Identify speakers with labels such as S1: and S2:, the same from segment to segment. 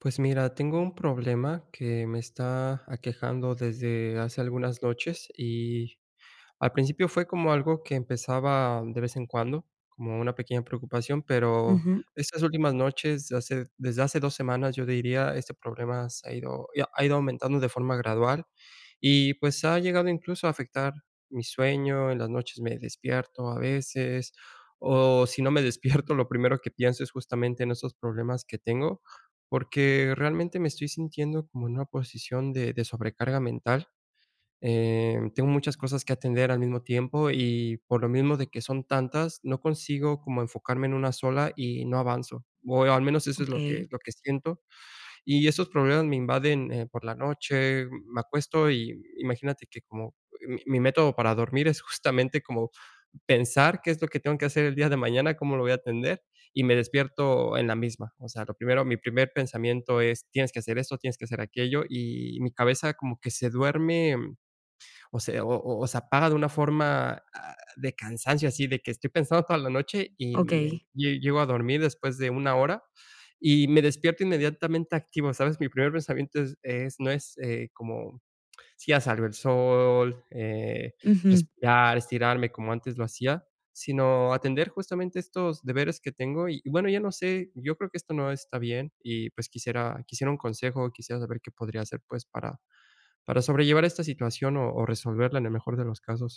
S1: Pues mira, tengo un problema que me está, aquejando desde hace algunas noches y, al principio fue como algo que empezaba de vez en cuando, como una pequeña preocupación, pero,
S2: Ujú.
S1: estas últimas noches, hace desde hace 2 semanas, yo diría, este problema se ha ido ya ha ido aumentando de forma gradual. Y pues ha llegado incluso a afectar mi sueño, en las noches me despierto a veces. O si no me despierto, lo primero que pienso es justamente en estos problemas que tengo, porque realmente me estoy sintiendo como en una posición de de sobrecarga mental, eh, tengo muchas cosas que atender al mismo tiempo y, por lo mismo de que son tantas, no consigo como enfocarme en una sola y no avanzo, o al menos eso es lo
S2: Okey.
S1: que lo que siento. Y esos problemas me invaden, eh, por la noche, me acuesto y imagínate que como mi mi método para dormir es justamente como pensar qué es lo que tengo que hacer el día de mañana, cómo lo voy a atender, y me despierto en la misma. O sea, lo primero mi primer pensamiento es: "Tienes que hacer esto, tienes que hacer aquello". Y mi cabeza como que se duerme, o sea, o o o se paga de una forma, ah, de cansancio así de que estoy pensando toda la noche y me
S2: Okey.
S1: lle llego a dormir después de una hora y me despierto inmediatamente activo, ¿sabes? Mi primer pensamiento es es no es, eh, como si ya salió el sol, eh,
S2: Ujú.
S1: respirar, estirarme como antes lo hacía, sino atender justamente estos deberes que tengo y, bueno, ya no sé, yo creo que esto no está bien y pues quisiera quisiera un consejo, quisiera saber qué podría hacer pues, para para sobrellevar esta situación o o resolverla en el mejor de los casos.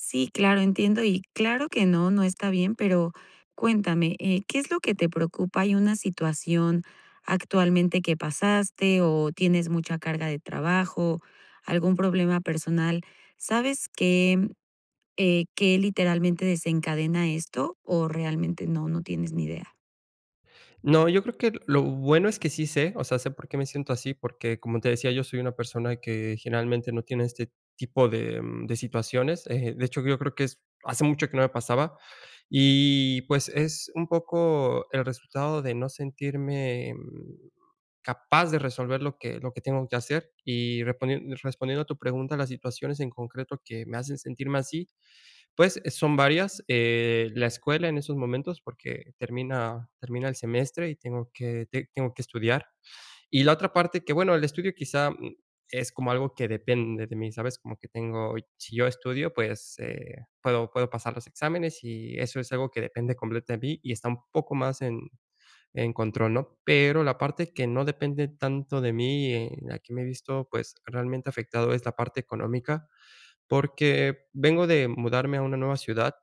S2: Sí, claro, entiendo. Y claro que no, no está bien, pero cuéntame, eh, ¿qué es lo que te preocupa? ¿Hay una situación actualmente que pasaste, o tienes mucha carga de trabajo? ¿Algún problema personal? ¿Sabes qué, eh, qué literalmente desencadena esto, o realmente no, no tienes ni idea?
S1: No, yo creo que lo bueno es que sí sé, o sea, sé por qué me siento así, porque, como te decía yo, soy una persona que generalmente no tiene este tipo de, mm, de situaciones, eh, de hecho, yo creo que es hace mucho que no me pasaba, y pues es un poco el resultado de no sentirme, mm, capaz de resolver lo que lo que tengo que hacer, y respon respondiendo a tu pregunta, las situaciones en concreto que me hacen sentirme así, pues eh, son varias, eh, la escuela en esos momentos, porque termina termina el semestre y tengo que ti tengo que estudiar. Y la otra parte que, bueno, el estudio quizá, mm, es como algo que depende de mí, ¿sabes? Como que tengo, si yo estudio, pues, eh, puedo puedo pasar los exámenes, y eso es algo que depende completamente de mí y está un poco más en en control, ¿no? Pero la parte que no depende tanto de mí, en la que me he visto, pues realmente afectado, es la parte económica, porque vengo de mudarme a una nueva ciudad,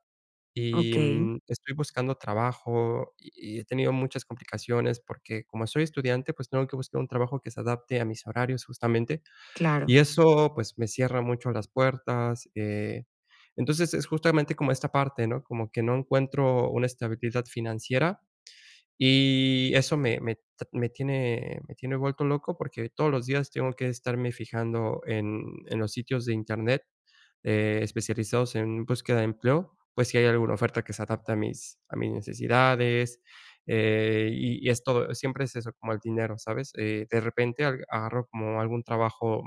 S1: y,
S2: Okey.
S1: mm, estoy buscando trabajo y he tenido muchas complicaciones porque, como soy estudiante, pues tengo que buscar un trabajo que se adapte a mis horarios justamente,
S2: Claro.
S1: y eso, pues, me cierra mucho las puertas, eh, entonces es justamente como esta parte, ¿no? Como que no encuentro una estabilidad financiera, y eso me me me tiene me tiene vuelto loco porque todos los días tengo que estarme fijando en en los sitios de internet, eh, especializados en búsqueda de empleo, pues si hay alguna oferta que se adapte a mis a mis necesidades, eh, y y es todo, siempre es eso como el dinero, ¿sabes? Eh, de repente, agarro como algún trabajo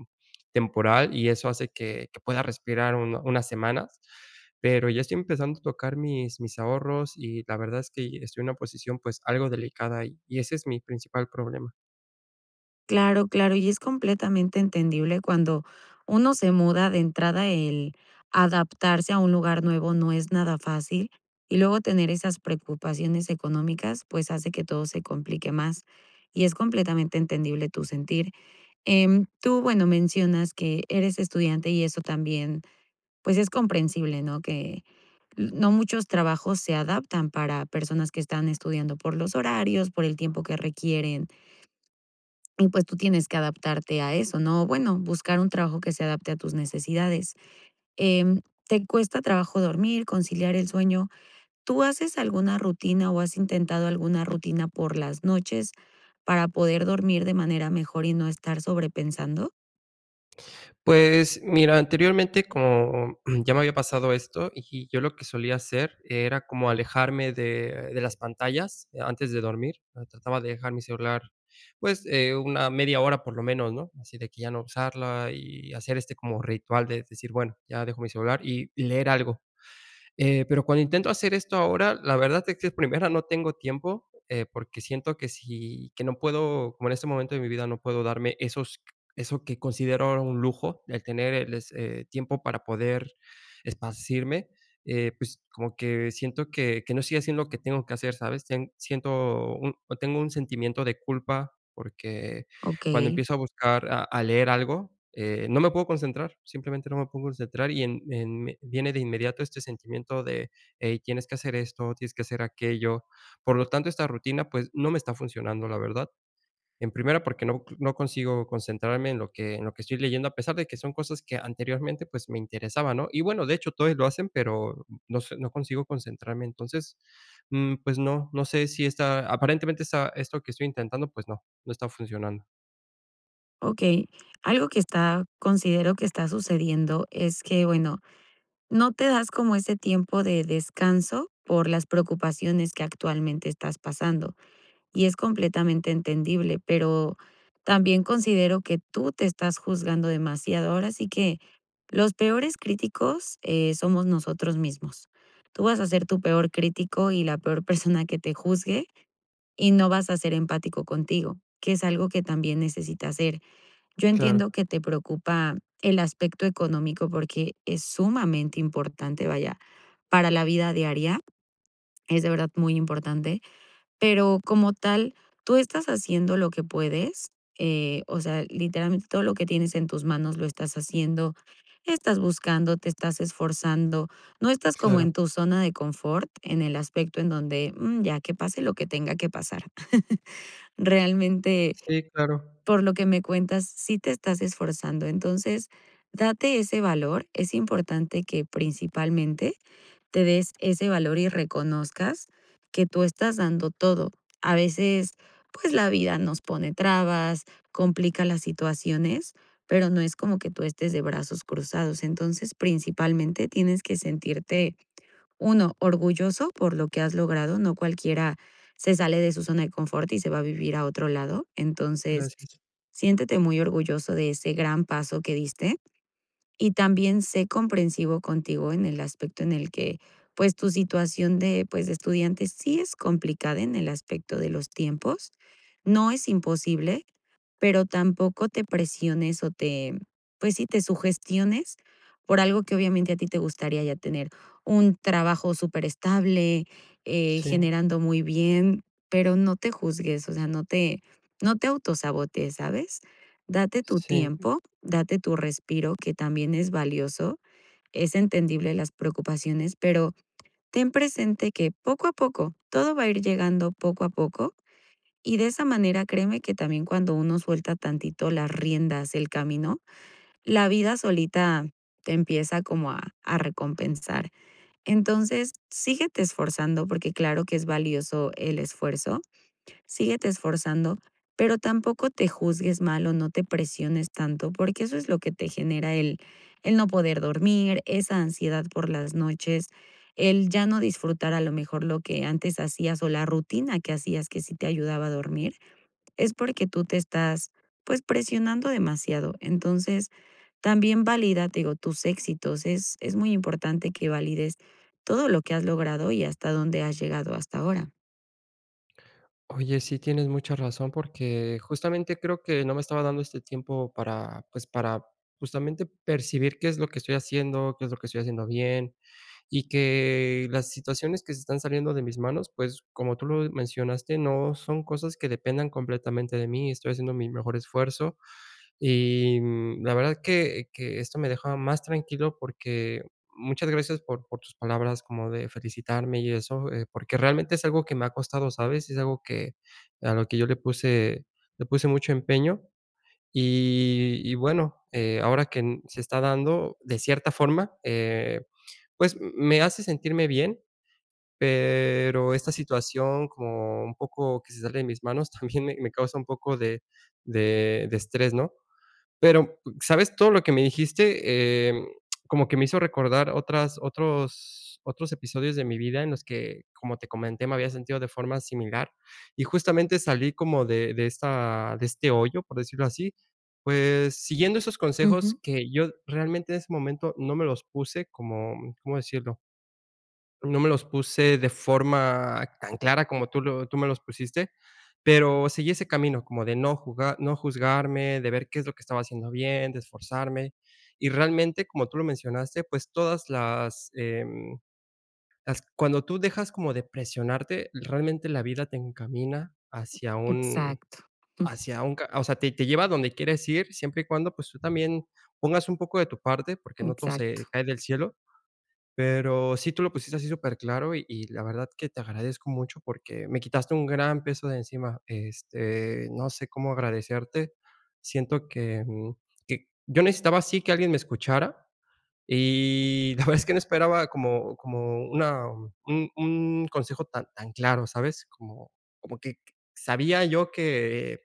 S1: temporal, y eso hace que que pueda respirar un unas semanas, pero ya estoy empezando a tocar mis mis ahorros y la verdad es que estoy en una posición, pues algo delicada, y y ese es mi principal problema.
S2: Claro, claro. Y es completamente entendible cuando uno se muda de entrada, el adaptarse a un lugar nuevo no es nada fácil. Y luego tener esas preocupaciones económicas, pues, hace que todo se complique más, y es completamente entendible tu sentir. Em, tú bueno, mencionas que eres estudiante y eso también, pues, es comprensible, ¿no? Que no muchos trabajos se adaptan para personas que están estudiando por los horarios, por el tiempo que requieren. Y pues, tú tienes que adaptarte a eso, ¿no? Bueno, buscar un trabajo que se adapte a tus necesidades. Em, te cuesta trabajo dormir, conciliar el sueño. ¿Tú haces alguna rutina, o has intentado alguna rutina por las noches para poder dormir de manera mejor y no estar sobrepensando?
S1: Pues, mira, anteriormente, como ya me había pasado esto, y yo lo que solía hacer era como alejarme de de las pantallas antes de dormir. Trataba de dejar mi celular, pues, eh, una media hora por lo menos, ¿no? Así de que ya no usarla y hacer este como ritual de decir: "Bueno, ya dejo mi celular", y y leer algo. Eh, pero cuando intento hacer esto ahora, la verdad es que es primera, no tengo tiempo, eh, porque siento que sí, que no puedo, como en este momento de mi vida no puedo darme esos q eso que considero un lujo, el tener, el es eh, tiempo para poder esparcirme. Eh, pues, como que siento que que no estoy haciendo lo que tengo que hacer, ¿sabes? Sien siento un, tengo un sentimiento de culpa, porque cuando
S2: Okey.
S1: empiezo a buscar a a leer algo, eh, no me puedo concentrar. Simplemente no me puedo concentrar y, en, en viene de inmediato este sentimiento de: "Ey, tienes que hacer esto, tienes que hacer aquello". Por lo tanto, esta rutina, pues, no me está funcionando, la verdad. En primera, porque no, no consigo concentrarme en lo que en lo que estoy leyendo, a pesar de que son cosas que anteriormente, pues, me interesaban, ¿no? Y bueno, de hecho, todavía lo hacen, pero, no sé, no consigo concentrarme. Entonces, mm, pues, no, no sé, si está, aparentemente esta esto que estoy intentando, pues, no, no está funcionando.
S2: Okey, algo que está considero que está sucediendo es que bueno, no te das como ese tiempo de descanso por las preocupaciones que, actualmente, estás pasando y es completamente entendible. Pero también considero que tú te estás juzgando demasiado, ahora sí que los peores críticos, eh, somos nosotros mismos. Tú vas a ser tu peor crítico y la peor persona que te juzgue, y no vas a ser empático contigo, que es algo que también necesitas ser. Yo
S1: Claro.
S2: entiendo que te preocupa el aspecto económico, porque es sumamente importante, vaya, para la vida diaria es de verdad muy importante, pero, como tal, tú estás haciendo lo que puedes, eh, o sea, literalmente, todo lo que tienes en tus manos lo estás haciendo. Estás buscando, te estás esforzando, no estás como
S1: Claro.
S2: en tu zona de confort en el aspecto en donde: "Mm, ya que pase lo que tenga que pasar". Realmente,
S1: Sí, claro.
S2: por lo que me cuentas, sí te estás esforzando. Entonces, date ese valor, es importante que, principalmente, te des ese valor y reconozcas que tú estás dando todo. A veces, pues, la vida nos pone trabas, complica las situaciones, pero no es como que tú estés de brazos cruzados. Entonces, principalmente, tienes que sentirte, 1, orgulloso por lo que has logrado. No cualquiera se sale de su zona de confort y se va a vivir a otro lado. Entonces,
S1: Gracias.
S2: siéntete muy orgulloso de ese gran paso que diste, y también sé comprensivo contigo en el aspecto en el que, pues, tu situación de, pues, de estudiante sí es complicada en el aspecto de los tiempos, no es imposible, pero tampoco te presiones o te pues, sí, te sugestiones, por algo que, obviamente, a ti te gustaría ya tener un trabajo superestable, eh,
S1: Sí.
S2: generando muy bien, pero no te juzgues, o sea, no te no te autosabotees, ¿sabes? Date tu
S1: Sí.
S2: tiempo, date tu respiro, que también es valioso, es entendible las preocupaciones, pero ten presente que, poco a poco, todo va a ir llegando poco a poco y de esa manera, créeme que también cuando uno suelta tantito las riendas del camino, la vida solita te empieza como a a recompensar. Entonces, síguete esforzando, porque claro que es valioso el esfuerzo, síguete esforzando, pero tampoco te juzgues mal o no te presiones tanto, porque eso es lo que te genera el el no poder dormir, esa ansiedad por las noches, el ya no disfrutar, a lo mejor, lo que antes hacías o la rutina que hacías que sí te ayudaba a dormir, es porque tú te estás, pues, presionando demasiado. Entonces, también valida, te digo, tus éxitos, es es muy importante que valides todo lo que has logrado y hasta donde has llegado hasta ahora.
S1: Oye, sí, tienes mucha razón, porque justamente creo que no me estaba dando este tiempo para, pues, para justamente percibir qué es lo que estoy haciendo, qué es lo que estoy haciendo bien y que las situaciones que se están saliendo de mis manos, pues, como tú lo mencionaste, no son cosas que dependan completamente de mí. Estoy haciendo mi mejor esfuerzo. Y, mm, la verdad es que que esto me dejaba más tranquilo porque, muchas gracias por por tus palabras como de felicitarme y eso, eh, porque realmente es algo que me ha costado, ¿sabes? Es algo que a lo que yo le puse, le puse mucho empeño. Y y bueno, eh, ahora que n se está dando de cierta forma, eh, pues, m me hace sentirme bien. Pero esta situación, como un poco que se sale de mis manos, también me me causa un poco de de de estrés, ¿no? Pero, ¿sabes? Todo lo que me dijiste, eh, como que me hizo recordar otras otros otros episodios de mi vida en los que, como te comenté, me había sentido de forma similar y justamente salí como de de esta de este hoyo, por decirlo así, pues, siguiendo esos consejos
S2: Ujú.
S1: que yo realmente en ese momento no me los puse como, ¿cómo decirlo? No me los puse de forma tan clara como tú lo tú me los pusiste. Pero seguí ese camino como de no juga no juzgarme de ver qué es lo que estaba haciendo bien, de esforzarme. Y realmente, como tú lo mencionaste, pues, todas las, em, las cuando tú dejas como de presionarte, realmente la vida te encamina hacia un
S2: Exacto. Jum.
S1: hacia un ca o sea, te te lleva a donde quieres ir siempre y cuando, pues, tú también pongas un poco de tu parte, porque no todo se
S2: Exacto.
S1: cae del cielo. Pero sí, tú lo pusiste así superclaro y y la verdad que te agradezco mucho porque me quitaste un gran peso de encima. Este, no sé cómo agradecerte. Siento que, mm, que yo necesitaba así que alguien me escuchara. Y la verdad es que no esperaba como como una un un consejo tan tan claro, ¿sabes? Como como que sabía yo que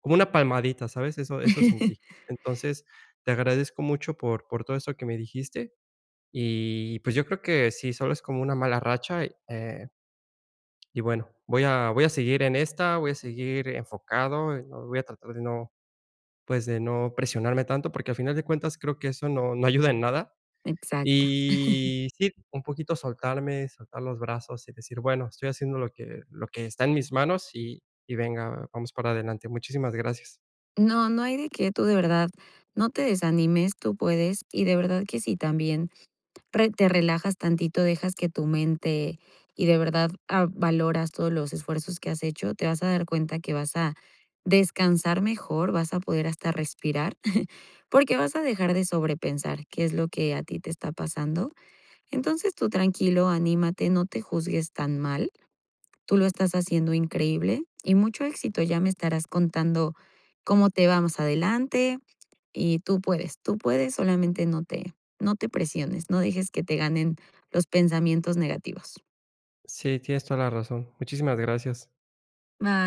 S1: como una palmadita, ¿sabes? Eso, eso sentí. Entonces te agradezco mucho por por todo eso que me dijiste. Y, pues, yo creo que sí, solo es como una mala racha, y, eh y bueno, voy a voy a seguir en esta. Voy a seguir enfocado. No voy a tratar de no, pues, de no presionarme tanto porque, al final de cuentas, creo que eso no no ayuda en nada.
S2: Exacto.
S1: Y sí, un poquito soltarme, soltar los brazos y decir: "Bueno, estoy haciendo lo que lo que está en mis manos y y venga, vamos para adelante". Muchísimas gracias.
S2: No, no hay de qué. Tú de verdad no te desanimes. Tú puedes. Y de verdad que si también re te relajas tantito, dejas que tu mente y de verdad, ah, valoras todos los esfuerzos que has hecho. Te vas a dar cuenta que vas a descansar mejor. Vas a poder hasta respirar, porque vas a dejar de sobrepensar qué es lo que a ti te está pasando. Entonces, tú tranquilo, anímate. No te juzgues tan mal. Tú lo estás haciendo increíble y mucho éxito. Ya me estarás contando cómo te va más adelante. Y tú puedes, tú puedes, solamente no te no te presiones. No dejes que te ganen los pensamientos negativos.
S1: Sí, tienes toda la razón. Muchísimas gracias.
S2: Ba